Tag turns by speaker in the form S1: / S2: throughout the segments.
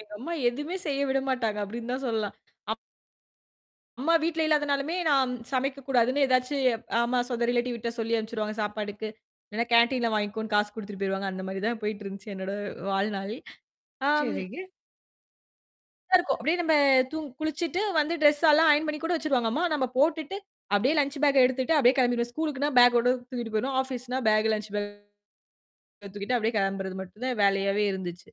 S1: எங்க அம்மா எதுவுமே செய்ய விட மாட்டாங்க, அப்டின்னு தான் சொல்லலாம். அப் அம்மா வீட்ல இல்லாதனாலுமே நான் சமைக்கக்கூடாதுன்னு ஏதாச்சும் ஆமா. சொந்த ரிலேட்டிவ் வீட்ட சொல்லி அனுப்பிச்சுடுவாங்க சாப்பாட்டுக்கு. இல்லைனா கேன்டீன்ல வாங்கிக்கோன்னு காசு குடுத்துட்டு போயிருவாங்க. அந்த மாரி தான் போயிட்டு இருந்துச்சு என்னோட வாழ்நாள். ஆம்
S2: சரிங்க.
S1: அப்படி தான் இருக்கும். அப்படியியே நம்ம தூங் குளிச்சுட்டு வந்து ட்ரெஸ்யெல்லாம் ஆயன் பண்ணி கூட வச்சுருவாங்க அம்மா, நம்ம போட்டுட்டு அப்படியே லஞ்ச் பேக்க எடுத்துட்டு அப்படியே கிளம்பிடுவோம். ஸ்கூலுக்குனா பேக்கோட தூக்கிட்டு போயிருவோம். ஆஃபீஸ்னா பேக் லஞ்ச் பேக். தூக்கிட்டு அப்படியே கிளம்புறது மட்டும் தான் வேலையாவே இருந்துச்சு.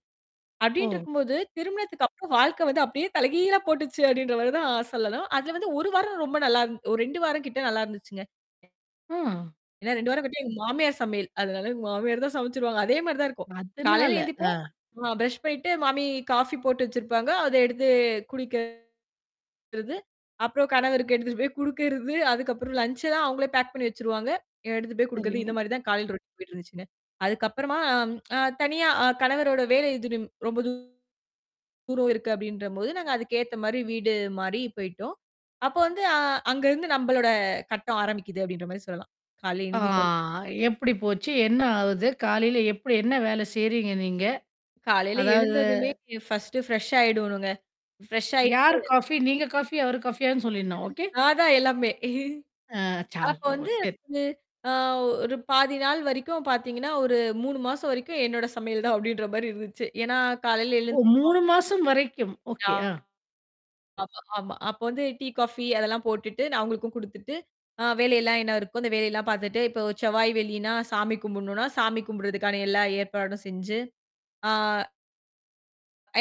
S2: ஓ!
S1: அப்டின்ட்ருக்கும்போது, திருமணத்துக்கு அப்புறம் வாழ்க்கை வந்து அப்படியே தலைகீழா போட்டுச்சு அப்டின்ற மாரி தான் சொல்லணும். அதுல வந்து 1 வாரம் ரொம்ப நல்லாந் ஒரு 2 வாரம் கிட்ட நல்லா இருந்துச்சுங்க.
S2: ஆ.
S1: ஏன்னா 2 வாரம் கிட்ட எங்க மாமியார் சமையல். அதனால மாமியார் தான் சமைச்சுருவாங்க. அதே மாரி தான் இருக்கும். காலையில
S2: அதனால.
S1: எழுந்திப்போம்
S2: ஆ.
S1: ஆ பிரஷ் பண்ணிட்டு மாமி காஃபி போட்டு வச்சிருப்பாங்க. அத எடுத்து குடிக்கறது. அப்புறம் கணவருக்கு எடுத்துட்டு போய் குடுக்கறது, அதுக்கப்புறம் லஞ்சல்லாம் அவுங்களே பேக் பண்ணி வச்சுருவாங்க. எடுத்துட்டு போய் குடுக்குறது இந்த
S2: சரிங்க.
S1: மாரி தான் காலையில ரோட்டின் போயிட்டு இருந்துச்சுங்க. அதுக்கப்புறமா அம் அ தனியா அ கணவரோட வேலை தூரம் ரொம்ப தூரம் இருக்கு அப்டின்றபோது நாங்க அதுக்கேத்த மாரி வீடு மாரி போயிடோம். அப்போ வந்து அ அங்க இருந்து நம்பளோட கட்டம் ஆரம்பிக்குது அப்டின்ற மாரி சொல்லலாம். காலை
S2: ஆ
S1: எழுந்திக்கோ
S2: எப்படி போச்சு? என்ன ஆவுது? காலையில எப்படி என்ன வேல செய்றீங்க நீங்க?
S1: காலையில
S2: அதாவது
S1: எழுந்ததுமே ஃபர்ஸ்ட்டு ஃப்ரெஷ் ஆயிடணுங்க. ஃப்ரெஷ் ஆயிட்டு
S2: யார் காஃபி? நீங்க காஃபி, அவரு காஃபியான்னு சொல்லியறணும். ஓகே.
S1: நான் தான் எல்லாமே.
S2: அ ச்சா
S1: அப்போ
S2: சோ!
S1: வந்து
S2: சரி.
S1: அ ஒரு பாதி நாள் வரைக்கும் பார்த்தீங்கன்னா, ஒரு 3 மாசம் வரைக்கும் என்னோட சமையல் தான் அப்டின்ற மாரி இருந்துச்சு. ஏன்னா, காலையில
S2: ஓ!
S1: எழுந்து
S2: 3 மாசம் வரைக்கும்.
S1: ஆ,
S2: ஓகே. ஆ.
S1: ஆமா, ஆமா. அப்போ வந்து டீ, காஃபி அதெல்லாம் போட்டுட்டு, நான் அவங்களுக்கும் குடுத்துட்டு, அ வேலையெல்லாம் என்ன இருக்கோ, அந்த வேலையெல்லாம் பார்த்துட்டு, இப்போ செவ்வாய், வெள்ளின்னா சாமி கும்பிடணும்னா, சாமி கும்புடறதுக்கான எல்லா ஏற்பாடும் செஞ்சு, ஆ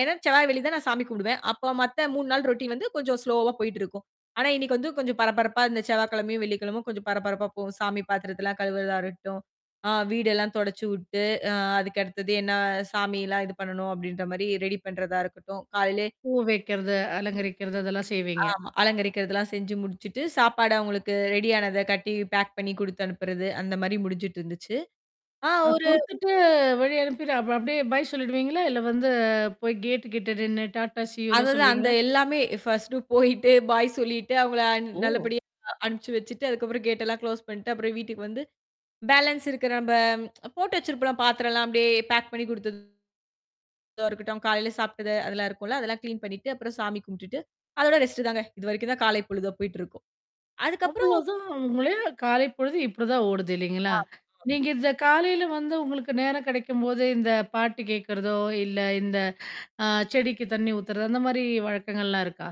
S1: ஏன்னா செவ்வாய், வெள்ளி தான் நான் சாமி கூப்பிடுவேன். அப்போ மத்த 3 நாள் ரொட்டின் வந்து கொஞ்சம் ஸ்லோவா போயிட்டுருக்கும். ஆனா இன்னைக்கு வந்து கொஞ்சம் பரபரப்பா இந்த செவ்வாய்க்கிழமையும், வெள்ளிக்கிழமையும் கொஞ்சம் பரபரப்பா போ சாமி பாத்திரத்தலாம் கழுவுறதா இருக்கட்டும். ஆ வீடெல்லாம் தொடைச்சு உட்டு, அ அதுக்க அடுத்தது என்னா சாமிலாம் இது பண்ணணும் அப்டின்ற மாரி ரெடி பண்றதா இருக்கட்டும். காலைலே
S2: பூ வைக்கிறது, அலங்கரிக்கிறது இதெல்லாம் செய்வீங்க.
S1: ஆமா. அலங்கரிக்கிறதெல்லாம் செஞ்சு முடிச்சுட்டு, சாப்பாடு அவங்களுக்கு ரெடி ஆனத கட்டி பேக் பண்ணி குடுத்து அனுப்புறது அந்த மாரி முடிஞ்சுட்டு இருந்துச்சு. ஆ
S2: அ
S1: ஒரு
S2: குடுத்துட்டு வழி அனுப்பிட்டு அப் அப்படியே பாய் சொல்லிடுவீங்களா? இல்ல வந்து போய் கேட் கிட்ட நின்னு டாட்டா, சியூலாம்
S1: அததான் அந்த
S2: சொல்லுவீங்களா?
S1: எல்லாமே ஃபர்ஸ்ட்டு போயிட்டு, பாய் சொல்லிட்டு அவங்கள அன்
S2: ஓ!
S1: நல்லபடியா அனுப்பிச்சு வச்சுட்டு அதுக்கப்புறம் கேட்டெலாம் குளோஸ் பண்ணிட்டு அப்புறம் வீட்டுக்கு வந்து, பேலன்ஸ் இருக்குற நம்ப போட்டு வச்சிருப்போம்ல பாத்திரம்ல்லாம் அப்படியியே பேக் பண்ணி குடுத்தது இத இருக்கட்டும். காலையில சாப்ட்டது அதெல்லாம் இருக்கும்ல அதெல்லாம் கிளீன் பண்ணிட்டு, அப்புறம் சாமி கும்பிட்டுட்டு, அதோட ரெஸ்ட்டு தாங்க. இதுவரைக்கும் தான் காலை பொழுதா போயிட்டு இருக்கும். அதுக்கப்புறம்
S2: அவ்ளோதான் [unintelligible] காலை பொழுது இப்படிதான் ஓடுது இல்லைங்களா?
S1: ஆமாமா.
S2: நீங்க இந்த காலையில வந்து உங்களுக்கு நேரம் கிடைக்கும்போது இந்த பாட்டு கேட்கறதோ, இல்ல இந்த அ செடிக்கு தண்ணி ஊத்துறதோ அந்த மாரி வழக்கங்கள்லாம் இருக்கா?